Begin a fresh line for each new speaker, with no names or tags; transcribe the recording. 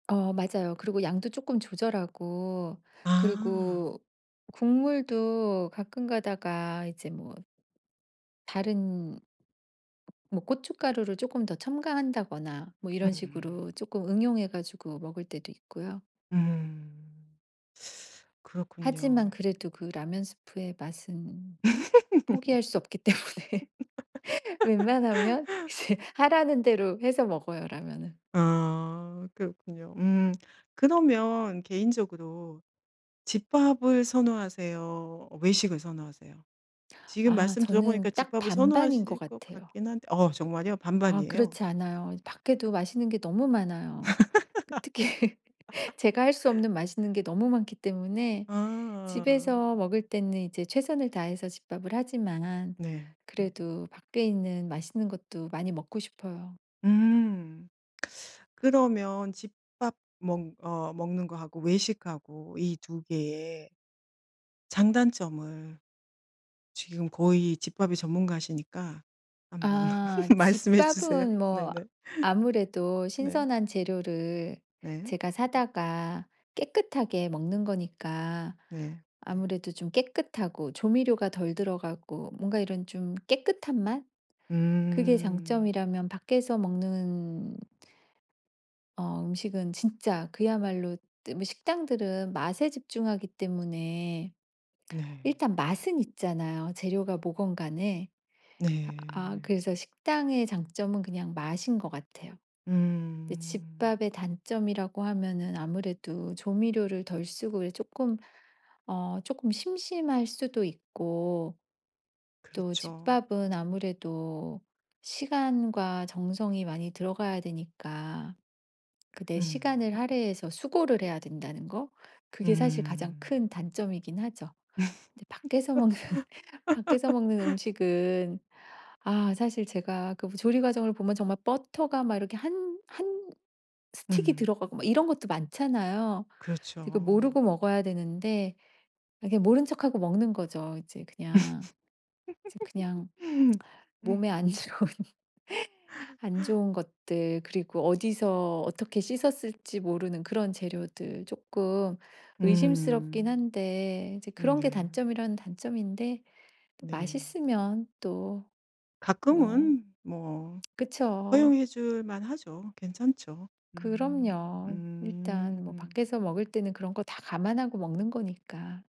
어 맞아요. 그리고 양도 조금 조절하고
아.
그리고 국물도 가끔 가다가 이제 뭐 다른 뭐 고춧가루를 쪼끔 더 첨가한다거나 뭐 이런
음.
식으로 조끔 응용해 가지고 먹을 때도 있고요.
음
하지만
그렇군요.
그래도 그 라면 스프의 맛은 포기할 수 없기 때문에 웬만하면 이제 하라는 대로 해서 먹어요, 라면은.
아 그렇군요. 음 그러면 개인적으로 집밥을 선호하세요? 외식을 선호하세요? 지금
아
말씀
저는
들어보니까
딱
집밥을
반반인 것
선호하실 것
같아요.
같긴 한데 어 정말요?
아
반반이에요?
그렇지 않아요. 이제 밖에도 맛있는 게 너무 많아요. 특히 제가 할 수 없는 맛있는 게 너무 많기 때문에
아.
집에서 먹을 때는 이제 최선을 다해서 집밥을 하지만,
네.
그래도 밖에 있는 맛있는 것도 많이 먹고 싶어요.
음 그러면 집밥 먹 어 먹는 거하고 외식하고 이 2 개의 장단점을 지금 거의 집밥이 전문가시니까 한번
아
말씀해 주세요.
집밥은 뭐
네네.
아무래도
네.
신선한 재료를
네.
제가 사다가 깨끗하게 먹는 거니까
네.
아무래도 좀 깨끗하고 조미료가 덜 들어가고 뭔가 이런 좀 깨끗한 맛? 그게
음.
장점이라면 밖에서 먹는 어 음식은 진짜 그야말로 식당들은 맛에 집중하기 때문에
네.
일단 맛은 있잖아요, 재료가 뭐건 간에. 아
네.
그래서 식당의 장점은 그냥 맛인 것 같아요. 근데
음.
집밥의 단점이라고 하면은 아무래도 조미료를 덜 쓰고 이제 쪼끔 어 쪼끔 심심할 수도 있고 또
그렇죠.
집밥은 아무래도 시간과 정성이 많이 들어가야 되니까 그 내
음.
시간을 할애해서 수고를 해야 된다는 거? 그게 사실 가장
음.
큰 단점이긴 하죠. 근데 밖에서 먹는 밖에서 먹는 음식은 아 사실 제가 그 조리 과정을 보면 정말 버터가 막 이렇게 1- 1 스틱이
음.
들어가고 막 이런 것도 많잖아요. 이게 그
그렇죠.
모르고 먹어야 되는데 아 그냥 모른 척하고 먹는 거죠. 이제 그냥. 이제 그냥 몸에 안 좋은 안 좋은 것들 그리고 어디서 어떻게 씻었을지 모르는 그런 재료들 쪼끔 의심스럽긴
음.
한데 이제
음
그런 게
네.
단점이라면 단점인데 또
네.
맛있으면 또 뭐
가끔은 뭐
그쵸.
허용해 줄 만 하죠. 괜찮죠. 음
그럼요.
음.
일단 뭐 밖에서 먹을 때는 그런 거 다 감안하고 먹는 거니까.